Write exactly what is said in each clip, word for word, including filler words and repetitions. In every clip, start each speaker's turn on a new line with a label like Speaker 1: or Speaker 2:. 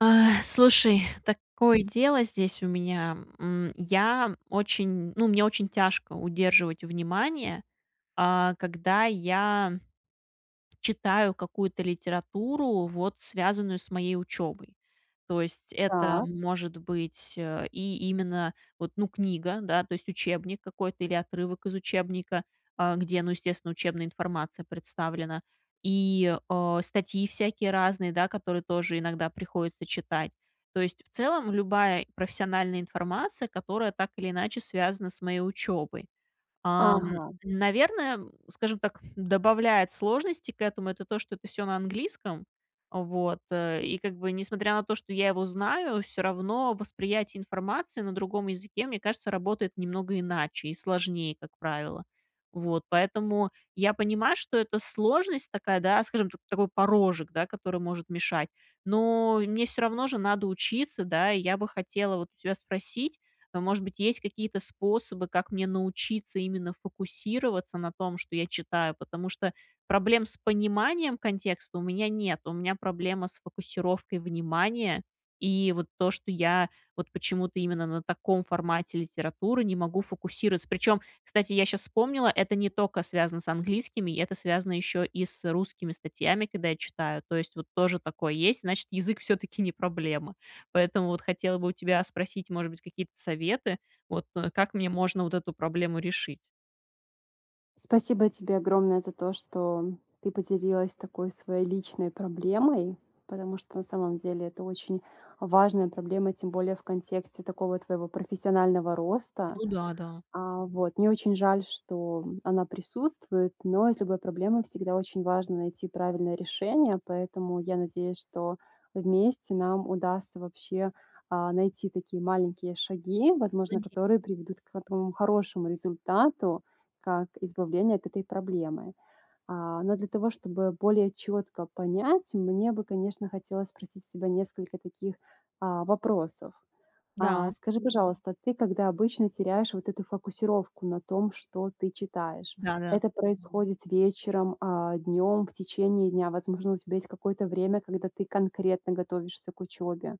Speaker 1: Э, слушай, такое дело здесь у меня, м. Я очень ну, мне очень тяжко удерживать внимание, э, когда я читаю какую-то литературу, вот связанную с моей учебой. То есть это
Speaker 2: Так.
Speaker 1: может быть, э, и именно вот, ну, книга, да, то есть учебник какой-то или отрывок из учебника, э, где, ну, естественно, учебная информация представлена, и, э, статьи всякие разные, да, которые тоже иногда приходится читать. То есть в целом, любая профессиональная информация, которая так или иначе связана с моей учебой. Э,
Speaker 2: Ага.
Speaker 1: наверное, скажем так, добавляет сложностей к этому- это то, что это всё на английском. Вот. Э. И, как бы, несмотря на то, что я его знаю, всё равно восприятие информации на другом языке, мне кажется, работает немного иначе и сложнее, как правило. Вот, поэтому я понимаю, что это сложность такая, да, скажем, т такой порожек, да, который может мешать, но мне всё равно же надо учиться, да, и я бы хотела вот у тебя спросить, э, может быть, есть какие-то способы, как мне научиться именно фокусироваться на том, что я читаю, потому что проблем с пониманием контекста у меня нет. У меня проблема с фокусировкой внимания. И вот то, что я вот почему-то именно на таком формате литературы не могу фокусироваться. Причем, кстати, я щас вспомнила, это не только связано с английскими, это связано еще и с русскими статьями, когда я читаю. То есть вот тоже такое есть, значит, язык всё-таки не проблема. Поэтому вот хотела бы у тебя спросить, может быть, какие-то советы, вот как мне можно вот эту проблему решить.
Speaker 2: Спасибо тебе огромное за то, что ты поделилась такой своей личной проблемой, потому что на самом деле это очень важная проблема, тем более в контексте такого твоего профессионального роста.
Speaker 1: Ну да, да.
Speaker 2: А, вот. Мне очень жаль, что, м, она присутствует, но из любой проблемы всегда очень важно найти правильное решение, поэтому я надеюсь, что вместе нам удастся вообще, э, найти такие маленькие шаги, возможно,
Speaker 1: [unintelligible]
Speaker 2: которые приведут к в этому хорошему результату, как избавление от этой проблемы. А, но для того чтобы более четко понять, мне бы, конечно, хотелось спросить у тебя несколько таких, а, вопросов.
Speaker 1: Да.
Speaker 2: А, скажи, пожалуйста, ты когда обычно теряешь вот эту фокусировку на том, что ты читаешь,
Speaker 1: Да, да.
Speaker 2: это происходит вечером, э, днем, в течение дня, возможно, у тебя есть какое-то время, когда ты конкретно готовишься к учебе?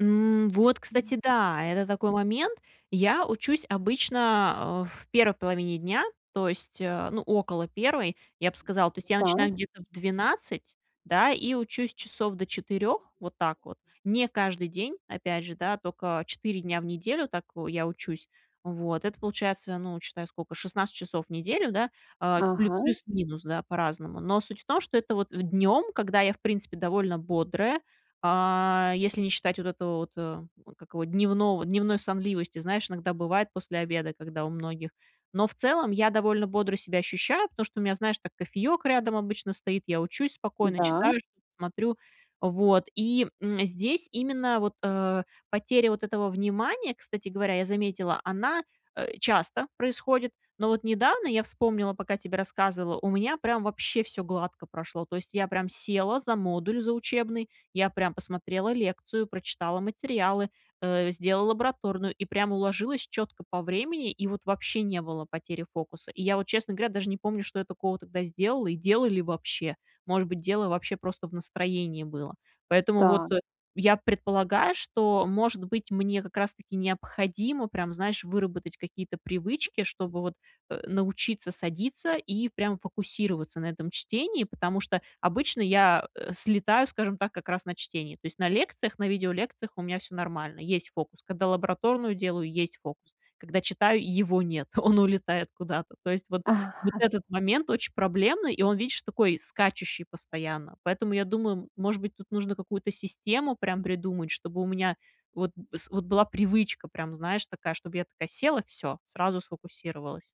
Speaker 1: М, вот, кстати, да! Это такой момент. Я учусь обычно, э, в первой половине дня, то есть, э, ну, около первой, я б сказала, то есть я начинаю
Speaker 2: Так.
Speaker 1: где-то в двенадцать, да, и учусь часов до четырех, вот так вот. Не каждый день, опять же, да, только четыре дня в неделю так, о, я учусь. Вот. Это получается, ну, считай, сколько, шестнадцать часов в неделю, да, э, плюс
Speaker 2: Ага.
Speaker 1: плюс-минус, да, по-разному. Но суть в том, что это вот днем, когда я, в принципе, довольно бодрая, э, если не считать вот этого вот, э, как его? Дневного дневной сонливости, знаешь, иногда бывает после обеда, когда у многих Но в целом я довольно бодро себя ощущаю, потому что у меня, знаешь, так кофеек рядом обычно стоит, я учусь спокойно,
Speaker 2: Да.
Speaker 1: читаю что-то, смотрю. Вот, и, м, здесь именно вот, э, потеря вот этого внимания, кстати говоря, я заметила, она, э, часто происходит, но вот недавно, я вспомнила, пока тебе рассказывала, у меня прям вообще всё гладко прошло. То есть я прям села за модуль за учебный, я прям посмотрела лекцию, прочитала материалы, э, сделала лабораторную, и прям уложилась четко по времени, и вот вообще не было потери фокуса. И я вот, честно говоря, даже не помню, что я такого тогда сделала, и делала ли вообще. Может быть, дело вообще просто в настроении было. Поэтому вот
Speaker 2: Так.
Speaker 1: я предполагаю, что, может быть, мне как раз таки необходимо прям, знаешь, выработать какие-то привычки, чтобы вот, э, научиться садиться и прям фокусироваться на этом чтении, потому что обычно я, э, слетаю, скажем так, как раз на чтении, то есть на лекциях, на видеолекциях у меня всё нормально. Есть фокус. Когда лабораторную делаю, есть фокус. Когда читаю, его нет. Он улетает куда-то. То есть вот вот этот момент очень проблемный, и он, видишь, такой скачущий постоянно. Поэтому я думаю, м может быть, тут нужно какую-то систему прям придумать, чтобы у меня вот с вот была привычка прям, знаешь, такая, чтобы я такая села- всё, сразу сфокусировалась.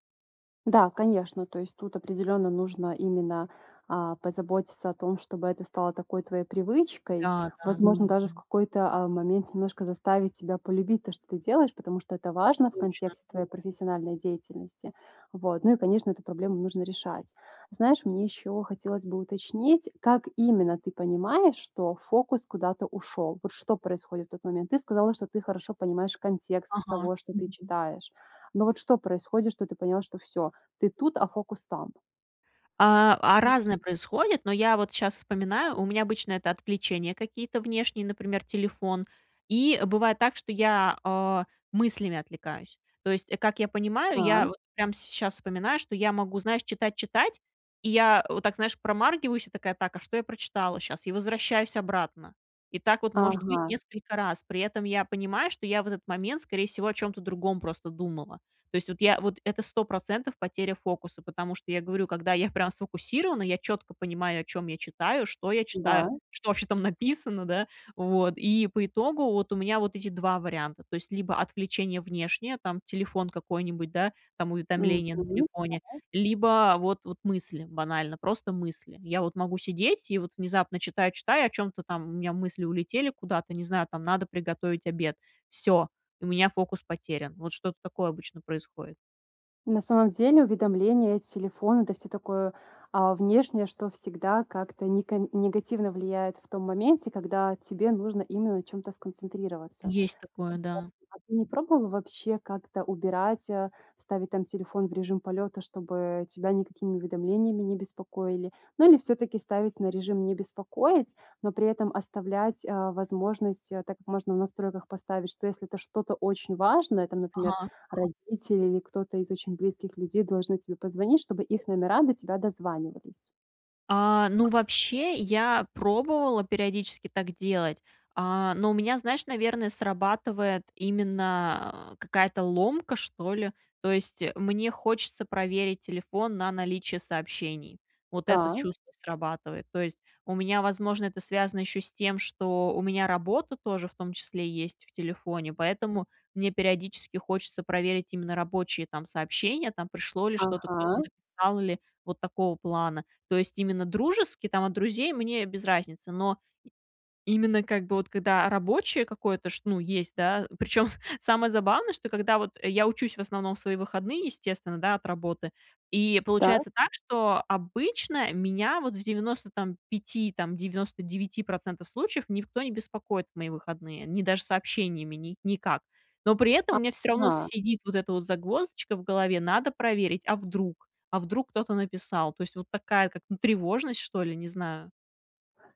Speaker 2: Да, конечно, то есть тут определенно нужно именно, а, позаботиться о том, чтобы это стало такой твоей привычкой.
Speaker 1: Да, да.
Speaker 2: Возможно, даже в какой-то, а, момент немножко заставить себя полюбить то, что ты делаешь, потому что это важно в
Speaker 1: Точно.
Speaker 2: контексте твоей профессиональной деятельности. Вот. Ну, и конечно эту проблему нужно решать. Знаешь, мне еще хотелось бы уточнить, как именно ты понимаешь, что фокус куда-то ушел? Вот что происходит в тот момент? Ты сказала, что ты хорошо понимаешь контекст
Speaker 1: Ага.
Speaker 2: того, что ты читаешь. Но вот что происходит, что ты поняла, что всё: ты тут, а фокус там?
Speaker 1: А а разное происходит, но я вот щас вспоминаю, у меня обычно это отвлечения какие-то внешние, например, телефон, и бывает так, что я, о, мыслями отвлекаюсь. То есть как я понимаю, я
Speaker 2: Так.
Speaker 1: вот прям сейчас вспоминаю, что я могу, знаешь, читать, читать, и я вот так, знаешь, промаргиваюсь и такая: "Так, а что я прочитала щас?" И возвращаюсь обратно. И так вот может быть
Speaker 2: Ага.
Speaker 1: несколько раз. При этом я понимаю, что я в этот момент, скорее всего, о чём-то другом просто думала. То есть вот я вот это сто процентов потеря фокуса, потому что, я говорю, когда я прям сфокусирована, я четко понимаю, о чём я читаю, что я читаю,
Speaker 2: Да.
Speaker 1: что вообще там написано, да, вот, и по итогу вот у меня вот эти два варианта, то есть либо отключение внешнее, там телефон какой-нибудь, да, там
Speaker 2: Мгм,
Speaker 1: уведомление на телефоне,
Speaker 2: да.
Speaker 1: либо вот вот мысли банально, просто мысли. Я вот могу сидеть- и вот внезапно, читаю, читаю о чём-то там, у меня мысли улетели куда-то, не знаю, там: надо приготовить обед. Всё, у меня фокус потерян. Вот что-то такое обычно происходит.
Speaker 2: На самом деле, уведомления от телефона, это всё такое, а, внешнее, что всегда как-то нека негативно влияет в том моменте, когда тебе нужно именно на чём-то сконцентрироваться.
Speaker 1: Есть такое, да.
Speaker 2: [unintelligible] А ты не пробовала вообще как-то убирать, а, ставить там телефон в режим полета, чтобы тебя никакими уведомлениями не беспокоили? Ну или всё-таки ставить на режим "не беспокоить", но при этом оставлять, а, возможность, так как можно в настройках поставить, что если это что-то очень важное, там, например,
Speaker 1: Ага.
Speaker 2: родители или кто-то из очень близких людей должны тебе позвонить, чтобы их номера до тебя дозванивались.
Speaker 1: А, ну вообще я пробовала периодически так делать, а, но у меня, знаешь, наверно, срабатывает именно какая-то ломка, что ли. То есть мне хочется проверить телефон на наличие сообщений. Вот это
Speaker 2: Так.
Speaker 1: чувство срабатывает. То есть у меня, возможно, это связано еще с тем, что у меня работа тоже в том числе есть в телефоне, поэтому мне периодически хочется проверить именно рабочие там сообщения: там, пришло ли что-то, кто-то
Speaker 2: Ага.
Speaker 1: где-то написал или вот такого плана. То есть именно дружески, там, от друзей- мне без разницы, но именно как бы вот когда рабочее какое-то ш ну есть, да, причем самое забавное, что когда вот я учусь, в основном в свои выходные, естественно, да, от работы, и
Speaker 2: Так.
Speaker 1: получается так, что обычно меня вот в девяносто, там, пяти, там, девяносто девяти процентов случаев никто не беспокоит в мои выходные, ни даже сообщениями, ни никак. Но при этом у меня всё равно
Speaker 2: Ага.
Speaker 1: сидит вот эта вот загвоздочка в голове: надо проверить, а вдруг, а вдруг кто-то написал. То есть вот такая, как, ну, тревожность, что ли, не знаю.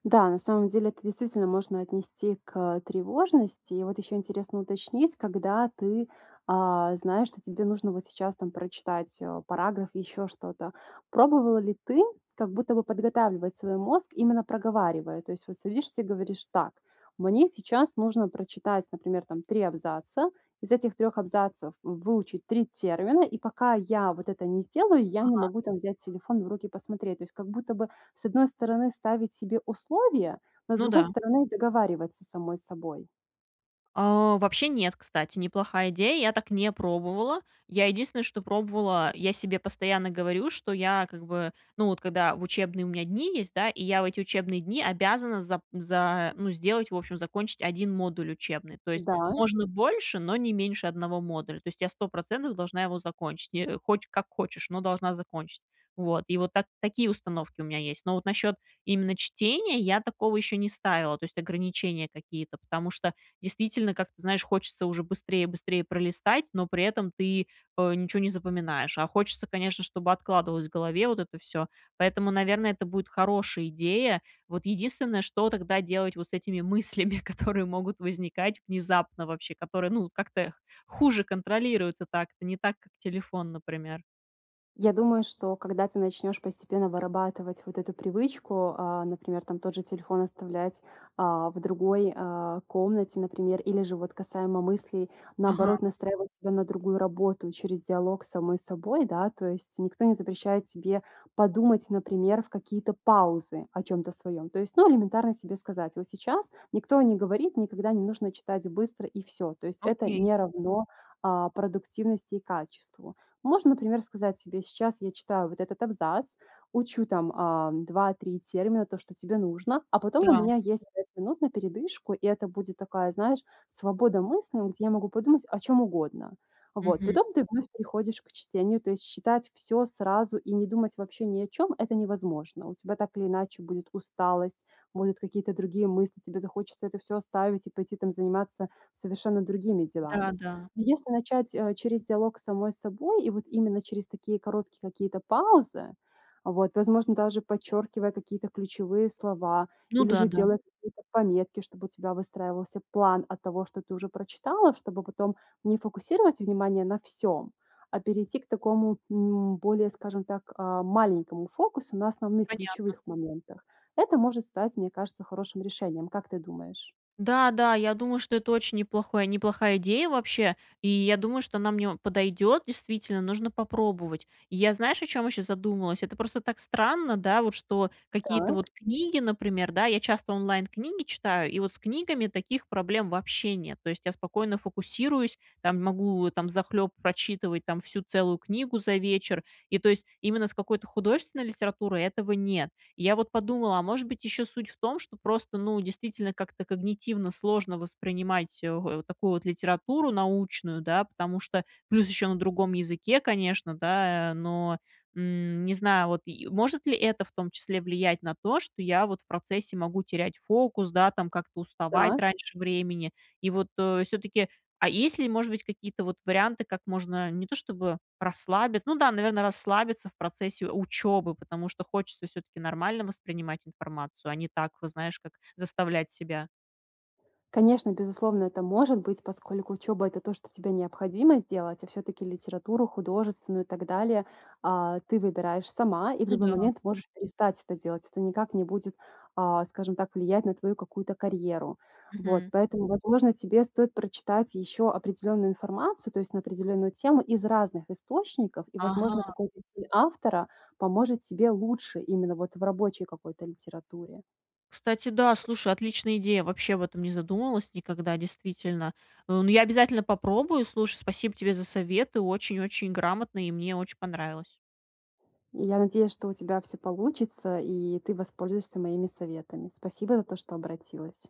Speaker 2: Да, на самом деле, это действительно можно отнести к, э, тревожности. И вот еще интересно уточнить, когда ты, а, знаешь, что тебе нужно вот сейчас, там, прочитать, а, параграф или еще что-то. Пробовала ли ты как будто бы подготавливать свой мозг, именно проговаривая? То есть вот садишься и говоришь: "Так, мне сейчас нужно прочитать, например, там, три абзаца, из этих трёх абзацев выучить три термина, и пока я вот это не сделаю, я не
Speaker 1: Ага.
Speaker 2: могу, там, взять телефон в руки посмотреть". То есть как будто бы с одной стороны ставить себе условия, но с
Speaker 1: Ну
Speaker 2: другой
Speaker 1: да.
Speaker 2: стороны договариваться с самой собой.
Speaker 1: А. Вообще нет, кстати, неплохая идея. Я так не пробовала. Я единственное, что пробовала, я себе постоянно говорю, что я, как бы, ну, вот когда в учебные у меня дни есть, да, и я в эти учебные дни обязана зап за ну, сделать, в общем, закончить один модуль учебный. То есть,
Speaker 2: Да.
Speaker 1: можно больше, но не меньше одного модуля. То есть, я сто процентов должна его закончить. Не, э, хоч как хочешь, но должна закончить. Вот. И вот так, такие установки у меня есть. Но вот насчет именно чтения, я такого еще не ставила. То есть, ограничения какие-то, потому что, действительно, как ты знаешь, хочется уже быстрее быстрее пролистать, но при этом ты, э, ничё не запоминаешь. А хочется, конечно, чтобы откладывалось в голове вот это всё. Поэтому, наверное, это будет хорошая идея. Вот единственное, что тогда делать вот с этими мыслями, которые могут возникать внезапно вообще, которые, ну, как-то хуже контролируются так, не так, как телефон, например.
Speaker 2: Я думаю, что когда ты начнешь постепенно вырабатывать вот эту привычку, а, например, там, тот же телефон оставлять, а, в другой, а, комнате, например, или же вот касаемо мыслей,
Speaker 1: Ага.
Speaker 2: наоборот, настраивать себя на другую работу через диалог с самой собой, да. То есть никто не запрещает тебе подумать, например, в какие-то паузы о чём-то своём. То есть, ну, элементарно себе сказать: "Вот сейчас никто не говорит, никогда не нужно читать быстро и всё". То есть это
Speaker 1: Окей.
Speaker 2: не равно, а, продуктивности и качеству. Можно, например, сказать себе: "Сейчас я читаю вот этот абзац, учу, там, а, два три термина, то, что тебе нужно, а потом у
Speaker 1: Да.
Speaker 2: меня есть пять минут на передышку". И это будет такая, знаешь, свобода мысли, м, где я могу подумать о чём угодно. Вот.
Speaker 1: Мгм.
Speaker 2: Потом ты вновь приходишь к чтению, то есть считать всё сразу и не думать вообще ни о чём- это невозможно. У тебя так или иначе будет усталость, будут какие-то другие мысли, тебе захочется это всё оставить и пойти, там, заниматься совершенно другими
Speaker 1: Да,
Speaker 2: делами.
Speaker 1: да.
Speaker 2: Если начать, э, через диалог с самой собой, и вот именно через такие короткие какие-то паузы, вот, возможно даже подчёркивая какие-то ключевые слова
Speaker 1: Ну
Speaker 2: или
Speaker 1: да,
Speaker 2: же
Speaker 1: да.
Speaker 2: делать какие-то пометки, чтобы у тебя выстраивался план от того, что ты уже прочитала, чтобы потом не фокусировать внимание на всём, а перейти к такому, м, более, скажем так, а, маленькому фокусу на основных
Speaker 1: Понятно.
Speaker 2: ключевых моментах. Это может стать, мне кажется, хорошим решением. Как ты думаешь?
Speaker 1: Да, да, я думаю, что это очень неплохое неплохая идея вообще. И я думаю, что она мне о подойдет действительно, нужно попробовать, И я знаешь, о чем еще задумалась, это просто так странно, да, вот, что какие-то
Speaker 2: Так.
Speaker 1: вот книги, например, да, я часто онлайн книги читаю, и вот с книгами таких проблем вообще нет. То есть я спокойно фокусируюсь, там, могу, там, взахлеб прочитывать, там, всю целую книгу за вечер. И то есть именно с какой-то художественной литературой этого нет. Я вот подумала, а может быть еще суть в том, что просто, ну, действительно как-то когнитивно сложно воспринимать эх у такую вот литературу научную, да? Потому что плюс еще на другом языке, конечно, да, э, но, м, не знаю, вот, и может ли это в том числе влиять на то, что я вот в процессе могу терять фокус, да, там, как-то уставать
Speaker 2: Так.
Speaker 1: раньше времени. И вот, э, все-таки А есть ли, может быть, какие-то вот варианты, как можно не то, чтобы расслабит ну да, наверное, расслабиться в процессе учебы, потому что хочется все-таки нормально воспринимать информацию, а не так, вот знаешь, как заставлять себя.
Speaker 2: Конечно, безусловно это может быть, поскольку учеба это то, что тебе необходимо сделать, а все-таки литературу художественную и так далее, а, ты выбираешь сама и в
Speaker 1: Ну
Speaker 2: любой
Speaker 1: да.
Speaker 2: момент можешь перестать это делать. Это никак не будет, а, скажем так, влиять на твою какую-то карьеру. Вот.
Speaker 1: Мгм.
Speaker 2: Поэтому возможно тебе стоит прочитать еще определённую информацию, то есть на определённую тему, из разных источников, и возможно
Speaker 1: Ага.
Speaker 2: какой-то стиль автора поможет тебе лучше именно вот в рабочей какой-то литературе.
Speaker 1: Кстати, да, слушай, отличная идея. Вообще об этом не задумывалась никогда, действительно. Ну, я обязательно попробую. Слушай, спасибо тебе за советы, очень-очень грамотно, и мне очень понравилось.
Speaker 2: И я надеюсь, что у тебя всё получится и ты воспользуешься моими советами. Спасибо за то, что обратилась.